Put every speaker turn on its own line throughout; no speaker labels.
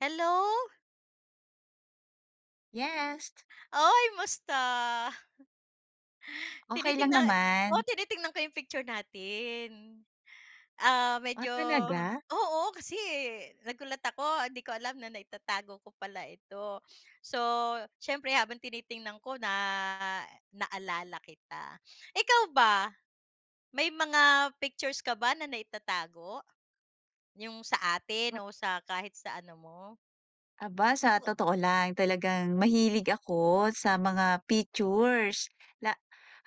Hello.
Yes.
Uy, musta?
Okay lang
Tinitingnan, oo
naman.
tinitingnan ko yung picture natin, ah,
Ah,
medyo
talaga?
oo kasi, eh, nagulat ako 'di ko alam na naitatago ko pala ito. So, siyempre habang tinitingnan ko na naalala kita. Ikaw ba may mga pictures ka ba na naitatago? Yung sa atin o sa kahit sa ano mo?
Aba. Sa
Ko
totoo lang talagang mahilig ako sa mga pictures, na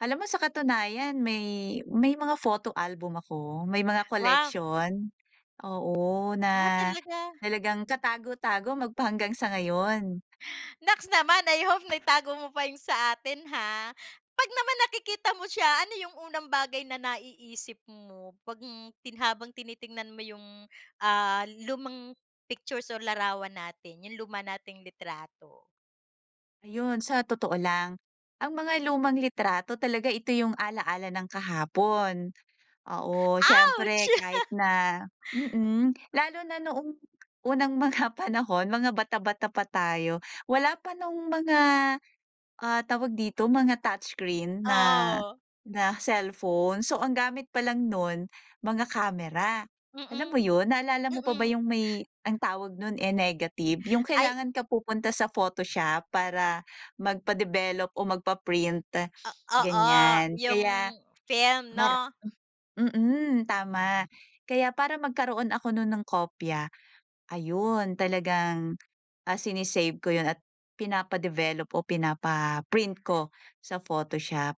alam mo sa katunayan may, may mga photo album ako, may mga
Wow!
collection, oo na
Ah, talaga?
talagang katago-tago magpahanggang sa ngayon.
Naks naman! I hope naitago mo pa yung sa atin, ha. Pag naman nakikita mo siya, ano yung unang bagay na naiisip mo pag, hmm, tin habang tinitingnan mo yung, ah, lumang pictures or larawan natin, yung luma nating litrato?
Ayon. Sa totoo lang, ang mga lumang litrato talaga, ito yung ala-ala ng kahapon. Oo,
Ouch!
siyempre kahit na mm, lalo na noong unang mga panahon, mga bata-bata pa tayo, wala pa nung mga, ah, tawag dito, mga touch screen na
Oo.
na cellphone. So, ang gamit palang nun, mga camera, alam mo
Mm,
yun, naalala mo pa ba
mm.
yung may ang tawag nun, eh, negative? Yung
Ay.
kailangan ka pupunta sa photoshop para magpa-develop o magpa-print,
O oo,
ganyan.
yung
Kaya,
film,
mar
'no?
mm, tama. Kaya para magkaroon ako nun ng kopya, ayun talagang, ah, sine-save ko yun at pinapa-develop o pinapa-print ko sa photoshop.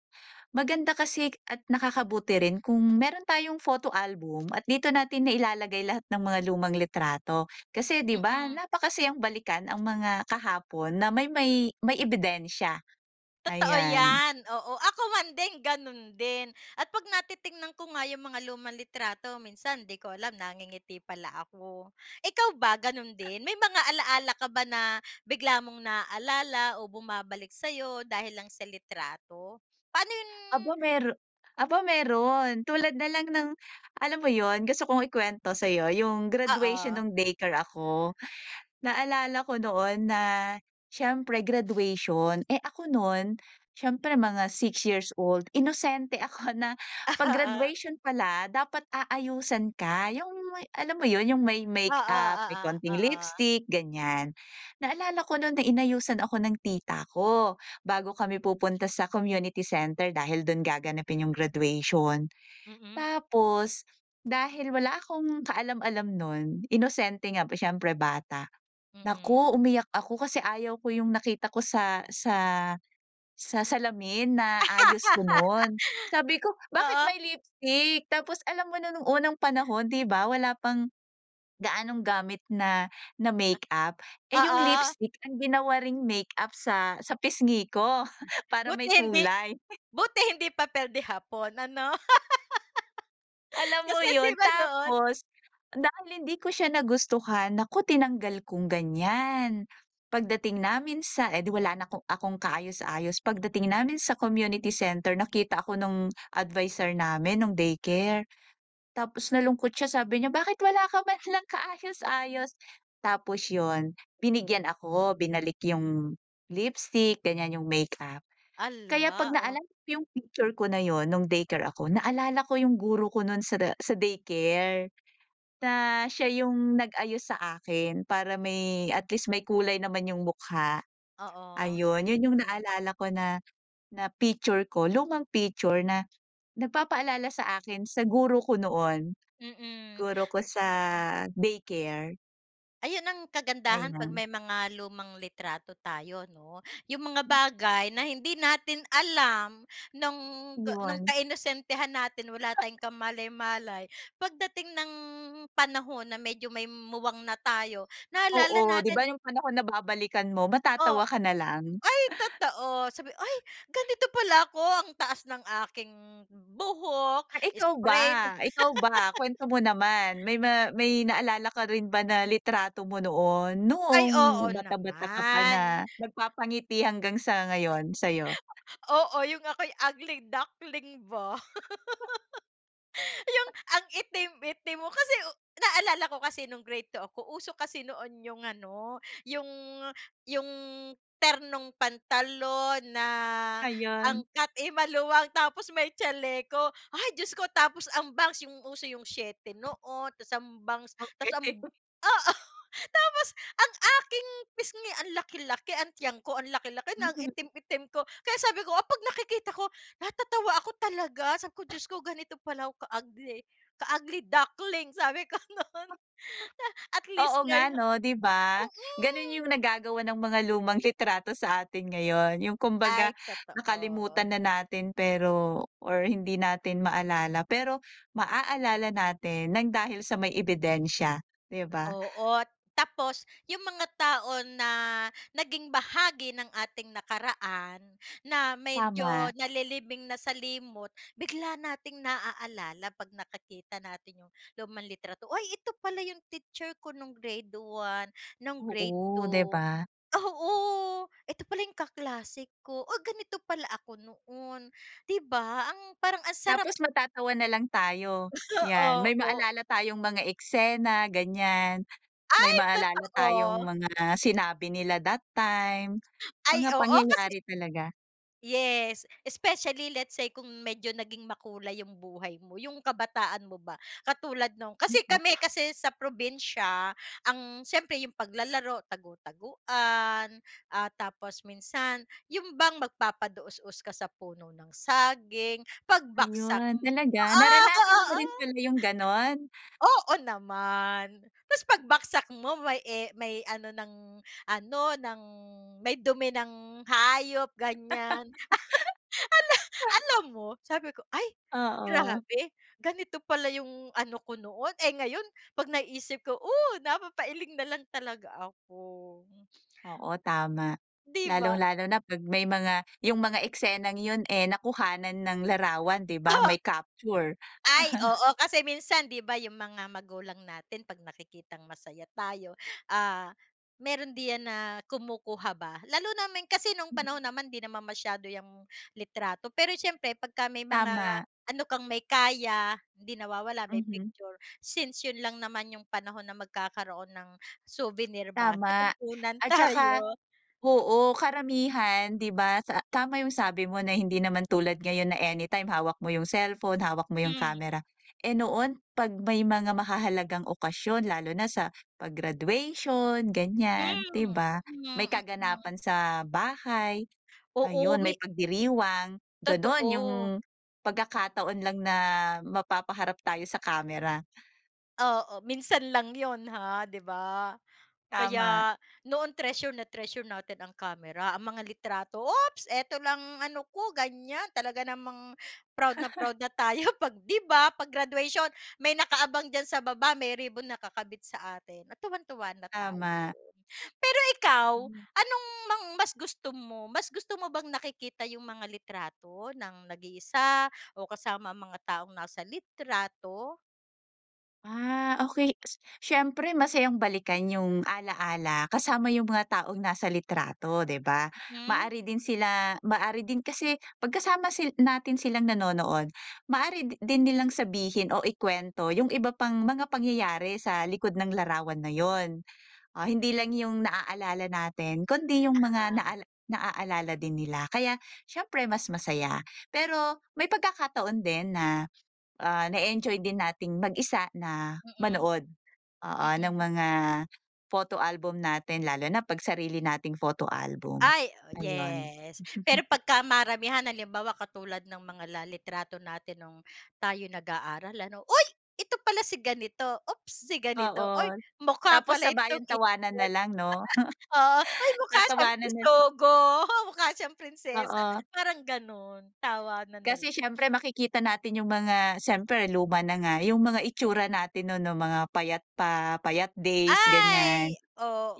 Maganda kasi at nakakabuti rin kung meron tayong photo album at dito natin nailalagay lahat ng mga lumang litrato. Kasi 'di ba
Mm.
napakasayang balikan ang mga kahapon na may may may ebidensya
Totoo
ayan.
yan, oo, ako man din, ganun din at 'pag natitingnan ko nga yung mga lumang litrato, minsan 'di ko alam nangingiti pala ako. Ikaw ba ganun din? May mga alaala ka ba na bigla mong naalala o bumabalik sa 'yo dahil lang sa litrato? Pa'no yun
Aba mer aba meron, tulad na lang ng alam mo yun, gusto kong ikwento sa 'yo yung graduation
Oo.
nung daycare ako. Naalala ko noon na siyempre graduation, eh, ako nun, s'yempre mga 6 years old, inosente ako na 'pag
Oo.
graduation pala, dapat aayusan ka. Yung alam mo yun yung may
Oo,
makeup, may
oo,
konting
oo.
lipstick, ganyan. Naalala ko nun na inayusan ako ng tita ko bago kami pupunta sa community center dahil dun gaganapin yung graduation.
Mm.
Tapos dahil wala akong kaalam-alam nun, inosente nga siyempre bata. Naku
Mm.
umiyak ako kasi ayaw ko yung nakita ko sa sa sa salamin na ayos ko nun. Sabi ko, "Bakit may
Oo.
lipstick?" Tapos alam mo nun nung unang panahon, 'di ba wala pang gaanong gamit na na makeup. Eh, yung
Oo.
lipstick ang ginawa ring makeup sa sa pisngi ko para
Buti
may
hindi
kulay.
buti hindi papel de hapon, ano?
Alam mo
Kasi
yun.
'di ba noon
Tapos dahil hindi ko siya nagustuhan, naku tinanggal kong ganyan. Pagdating namin sa eh, 'di wala na'ko akong kaayos-ayos, pagdating namin sa community center, nakita ako nung adviser namin nung daycare. Tapos nalungkot siya, sabi niya bakit wala ka man lang kaayos-ayos? Tapos yun, binigyan ako, binalik yung lipstick, gan'yan, yung makeup. Kaya 'pag
Ala, oh.
naalala ko yung picture ko na yun nung daycare ako, naalala ko yung guro ko nun sa da sa daycare na siya yung nag-ayos sa akin para may at least may kulay naman yung mukha.
Oo.
Ayun, 'yun yung naalala ko na na picture ko, lumang picture na nagpapaalala sa akin sa guro ko noon,
Mm.
guro ko sa daycare.
Ayun ang kagandahan 'pag
Ayan.
may mga lumang litrato tayo 'no, yung mga bagay na hindi natin alam nung, nung
Yun.
kainosentehan natin wala tayong kamalay-malay pagdating nang panahon na medyo may muwang na tayo naalala
Oo, 'di
natin.
ba yung panahon na babalikan mo
O
matatawa ka na lang?
ay, totoo sabi "Ay, ganito pala ako ang taas ng aking buhok
Ah, ikaw ba,
sprain".
ikaw ba. Kuwento mo naman may ma may naalala ka rin ba na litrato mo noon,
Ay,
noong
oo
bata, bata ka pa
naman.
na nagpapangiti hanggang sa ngayon sa'yo?
Oo, yung ako'y ugly duckling ba. Yung ang itim, itim mo kasi naalala ko kasi nung grade 2 ako uso kasi noon yung ano yung, yung ternong pantalon na ang
Ayun.
cut, eh, maluwang tapos may chaleko ay Diyos ko! Tapos ang bangs yung uso yung 7 noon tapos ang bangs tapos ang
Okey
oo tapos ang aking pisngi ang laki, laki ang tiyan ko ang laki, laki na ang
Mhm.
itim, itim ko, kaya sabi ko kapag nakikita ko natatawa ako talaga sabi ko Diyos ko ganito pala ako ka-ugly, ka-ugly duckling sabi ko no'n.
Ah.
At least
Oo nga
ngayo
'no', di ba, gano'n
mm.
yung nagagawa ng mga lumang litrato sa atin ngayon, yung kumbaga
Ay, totoo.
nakalimutan na natin pero or hindi natin maalala pero maaalala natin ng dahil sa may ebidensya, di ba?
Oo, tapos yung mga tao na naging bahagi ng ating nakaraan na
Tama.
medyo nalilibing na sa limot bigla nating naaalala 'pag nakikita natin yung lumang litrato "Uy ito pala yung teacher ko nung grade 1, nung grade
Oo, di
2,"
ba?
oo "ito pala yung kaklase ko, oh, ganito pala ako noon" di ba, ang parang ang sarap
Tapos matatawa na lang tayo, yan may
Opo.
maalala tayong mga eksena ganyan, may
Ay!
maalala tayong
Totoo.
mga sinabi nila that time,
Ay,
mga
oo kasi
pangyayari talaga.
Yes. Especially let's say kung medyo naging makulay yung buhay mo, yung kabataan mo ba, katulad nung kasi
Mm.
kami kasi sa probinsya ang siyempre yung paglalaro tagu-taguan, ah, tapos minsan, yung bang magpapadaosdos ka sa puno ng saging, pagbagsak
Ayun.
mo,
Talaga?
ah!
Naranasan mo
ha
rin pala yung ganon?
Oo naman. Tapos pagbagsak mo may e may ano ng ano ng may dumi ng hayop ganyan. Ala alam mo sabi ko "Ay,
Oo.
grabe. Ganito pala yung ano ko noon" Eh, ngayon pag naiisip ko oh, napapailing nalang talaga ako.
Oo tama.
Di ba?
Lalong-lalo na kapag may mga 'yung mga eksenang 'yun eh nakuhanan ng larawan, di ba? May capture.
Ay, oo. kasi minsan, di ba yung mga magulang natin pag nakikitang masaya tayo, ah, meron diyan na kumukuha ba. Lalo namin kasi nung panahon naman hindi naman masyado yang litrato, pero siyempre kapagka may mga
Tama.
ano kang may kaya hindi nawawala may
Mhm.
picture. Since yun lang naman yung panahon na magkakaroon ng souvenir ba na
Tama.
kukunan
At saka,
tayo.
oo, karamihan, di ba sa tama 'yung sabi mo na hindi naman tulad ngayon na anytime hawak mo yung cellphone, hawak mo yung
Hmm.
camera. Eh, noon pag may mga mahahalagang okasyon, lalo na sa pag-graduation
Hmm,
ganiyan, di ba?
mm,
May
mm.
kaganapan sa bahay,
Oo
ayun, may
may
pagdiriwang ganon yung
Totoo.
pagkakataon lang na mapapaharap tayo sa camera.
Oo, minsan lang 'yon, ha, di ba?
Tama.
Kaya noon, treasure na treasure natin ang kamera, ang mga litrato. "Oops, eto lang ano ko," ganyan. Talaga namang proud na proud na tayo 'pag, di ba pag-graduation, may nakaabang diyan sa baba. May ribbon nakakabit sa atin at tuwang-tuwa na tayo.
Tama.
Pero ikaw, anong mang mas gusto mo? Mas gusto mo bang nakikita yung mga litrato ng nag-iisa, o kasama ang mga taong nasa litrato?
Ah, okey. Si siyempre, masayang balikan yung alaala kasama yung mga taong nasa litrato, di ba?
Hmm.
Maaari din sila maaari din kasi 'pag kasama si natin silang nanonood, maaari di din nilang sabihin o ikuwento yung iba pang mga pangyayari sa likod ng larawan na 'yon. Ah, hindi lang yung naaalala natin, kundi yung mga
Uh-huh.
naal naaalala din nila. Kaya siyempre, mas masaya. Pero may pagkakataon din na, ah, nae-enjoy din nating mag-isa na
Mm.
manood. Oo, ng
Mm.
mga photo album natin, lalo na 'pag sarili nating photo album.
Ay,
Ayun.
yes. Pero pagka maramihan, halimbawa katulad ng mga la litrato natin nung tayo'y nag-aaral, ano. "Uy! ito pala si ganito, ops, si ganito uy,
Oo,
mukha
tapos
pala itong
sabayan tawanan
[unintelligible]
nalang, no.
oo. Hoy, may mukha siyang
Tatawanan na
bisogo, mukha siyang prinsesa"
Oo.
parang gano'n, tawanan na lang.
Kasi, siyempre, makikita natin yung mga, siyempre, luma na nga yung mga itsura natin no'n noong mga payat pa, payat days, ganyan.
Ay,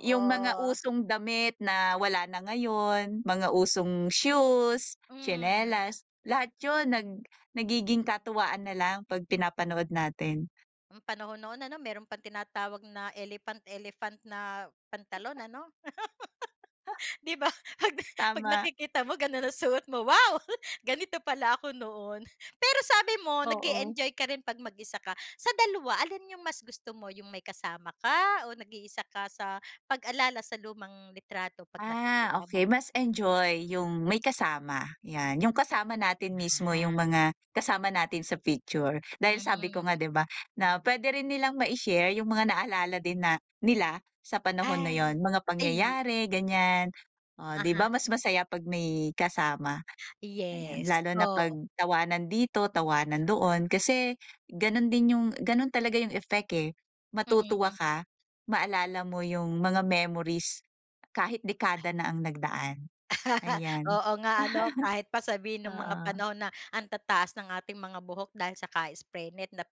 Yung mga usong damit na wala na ngayon, mga usong shoes,
Hmm.
tsinelas, lahat yun nag nagiging katuwaan nalang 'pag pinapanood natin.
Panahon noon ano meron pang tinatawag na elephant-elephant na pantalon, ano?
Huh.
Di ba, pag 'pag
Tama.
nakikita mo ganon ang suot mo, "Wow! ganito pala ako noon." Pero sabi mo,
Oo.
nag-e-enjoy ka rin 'pag mag isa ka. Sa dalawa, alin yung mas gusto mo, yung may kasama ka o nag-iisa ka sa pag-alala sa lumang litrato 'pag
Ah,
nakikita
okey.
mo?
Mas enjoy yung may kasama. Yan, yung kasama natin mismo, yung
Ah.
mga kasama natin sa picture. Dahil sabi ko
Hmm.
nga, 'di ba, na pwede rin nilang mai-share yung mga naalala din na nila sa panahon na
Ay.
yo'n, mga
Ay!
pangyayari, ganyan, oh, di
Uh-huh.
ba mas masaya 'pag may kasama. Ayan,
Yes,
lalo na 'pag
oo.
tawanan dito, tawanan doon. Kasi gano'n din yun gano'n talaga yung effect, eh, matutuwa
Mm.
ka, maalala mo yung mga memories kahit dekada na ang nagdaan. Ayan.
Oo nga ano. Kahit pa sabihin nung mga
Oo.
panahon na ang tataas ng ating mga buhok dahil sa ka-spray net nap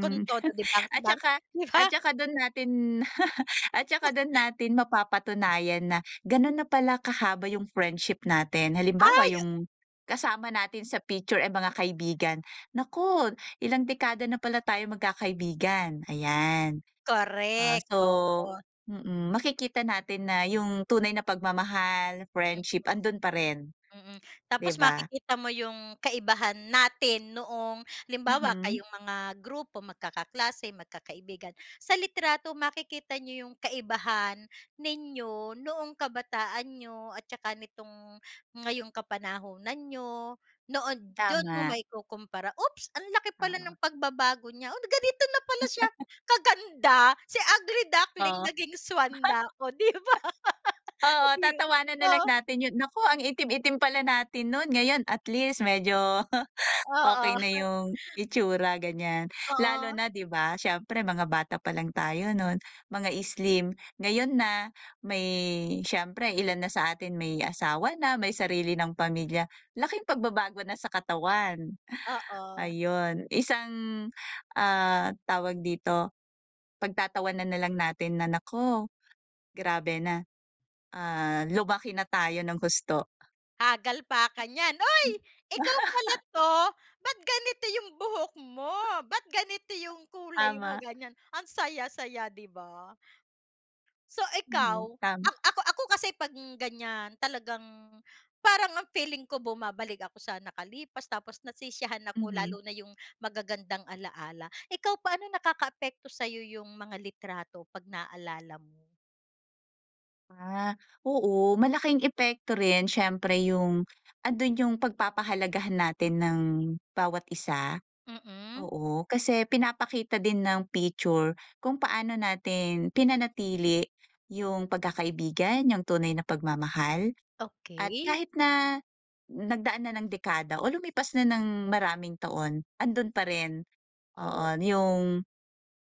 kung todo de
at
bangs-bangs,
tsaka
di
at
ba?
staka 'don natin at tsaka do'n
[unintelligible]
natin mapapatunayan na gano'n na pala kahaba yung friendship natin. Halimbawa,
Ay
yung kasama natin sa picture, eh, mga kaibigan "Naku ilang dekada na pala tayong magkakaibigan," ayan. Ah,
Korek,
so
oo.
mm, makikita natin na yung tunay na pagmamahal,
[unintelligible]
friendship andun parin,
Mm.
di
Tapos
ba?
makikita mo yung kaibahan natin noong halimbawa
Mhm.
kayong mga grupo, magkakaklase, magkakaibigan. Sa litrato, makikita niyo yung kaibahan ninyo noong kabataan ninyo at tsaka nitong ngayong kapanahunan niyo. Noon dun mo
Tama.
maikukumpara, "Oops, ang laki pala
Oo.
ng pagbabago niya. Oh, ganito na pala siya kaganda, si ugly duckling
Oh.
naging swan na." oh di ba? Oh
Oo,
di yun
tatawanan na lang
o.
natin 'yon. Naku, ang itim-itim pala natin no'n. Ngayon at least medyo
Oo.
okey na yung itsura ganyan. Lalo
Oo.
na 'di ba siyempre mga bata pa lang tayo no'n, mga slim. Ngayon na may, siyempre ilan na sa atin may asawa na, may sarili ng pamilya, laking pagbabago na sa katawan.
Oo.
Ayun, isang, ah, tawag dito pagtatawanan nalang natin na, "Naku, grabe na. Ah, lumaki na tayo ng husto."
Hagal pakan niyan uy, ikaw pala to? Bakit ganito yung buhok mo? Bakit ganito yung kulay mo
Tama.
ganyan ang saya-saya di ba. So
Mhm,
ikaw,
tama.
ak ako ako kasi pag ganyan talagang parang ang feeling ko bumabalik ako sa nakalipas, tapos nasisiyahan ako
Mhm.
lalo na yung magagandang alaala. Ikaw paano nakakaapekto sayo yung mga litrato pag naalala mo?
Ah, oo, malaking epekto rin siyempre yung, andun yung pagpapahalagahan natin ng bawat isa.
Mm.
Oo kasi pinapakita din ng picture kung paano natin pinanatili yung pagkakaibigan, yung tunay na pagmamahal, at
Okey.
kahit na nagdaan na ng dekada o lumipas na ng maraming taon, andun pa rin oo
Oo.
yung,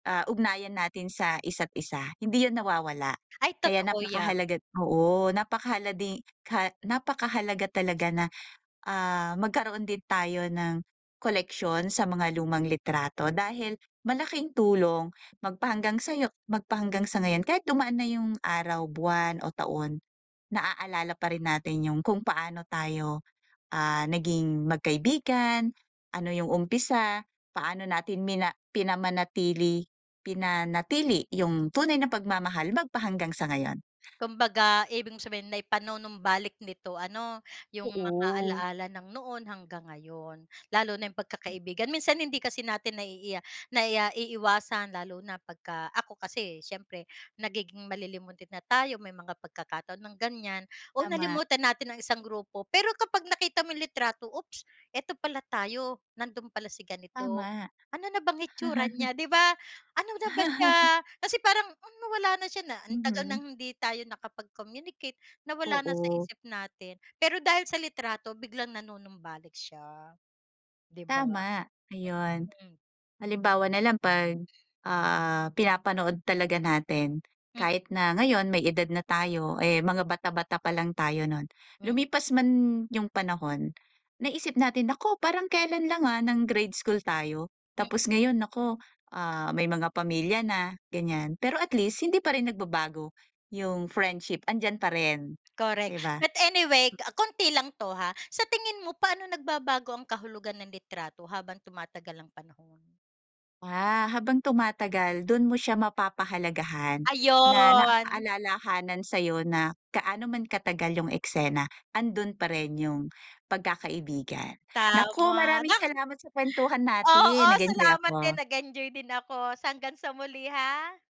ah, ugnayan natin sa isa't isa, hindi yan nawawala.
Ay,
Kaya
totoo yan.
napakahalaga oo, napakahala di ka napakahalaga talaga na ah, magkaroon din tayo ng koleksyon sa mga lumang litrato, dahil malaking tulong magpahanggang sayo magpahanggang sa ngayon kahit dumaan na yung araw, buwan, o taon. Naalala pa rin natin yung kung paano tayo ah, naging magkaibigan, ano yung umpisa, paano natin mina pinamanatili pinanatili yung tunay na pagmamahal magpahanggang sa ngayon.
Kumbaga ibig mong sabihin naipanunumbalik nito ano yung mga
Oo.
alaala ng noon hanggang ngayon. Lalo na yung pagkakaibigan minsan hindi kasi natin naiiya naiiwasan lalo na pagka ako kasi siyempre nagiging malilimutin na tayo, may mga pagkakataon ng ganyan o
Tama.
nalimutan natin ang isang grupo. Pero kapag nakita mo yung litrato oops eto pala tayo, nandun pala si ganito
Tama.
ano na bang itsura niya di ba? Ano na ba siya? Kasi parang hmm, nawala na siya na ang tagal
Mhm.
ng hindi tayo nakapag-communicate, nawala na sa
Oo.
isip natin. Pero dahil sa litrato biglang nanunumbalik siya, di ba?
Tama ayun,
Mhm.
halimbawa na lang pag,
Eh
ah, pinapanood talaga natin
M
kahit na ngayon may edad na tayo, eh, mga bata, bata pa lang tayo nun,
Mm.
lumipas man yung panahon, naisip natin naku parang kelan lang, ah, ng grade school tayo,
Mm.
tapos ngayon naku, ah, may mga pamilya na ganyan. Pero at least hindi pa rin nagbabago yung friendship andiyan pa rin
Correct
di ba?
but anyway, ah, konti lang ito ha. Sa tingin mo paano nagbabago ang kahulugan ng litrato habang tumatagal ang panahon?
Ah, habang tumatagal dun mo siya mapapahalagahan, na
Ayon.
nakakaalalahanan sayo na gaano man katagal yung eksena andun pa rin yung pagkakaibigan, naku
Tama
maraming
na.
salamat sa kwentuhan
Oo,
natin nagenjoy
salamat
ako.
din nag-enjoy din ako sa hanggang sa muli ha.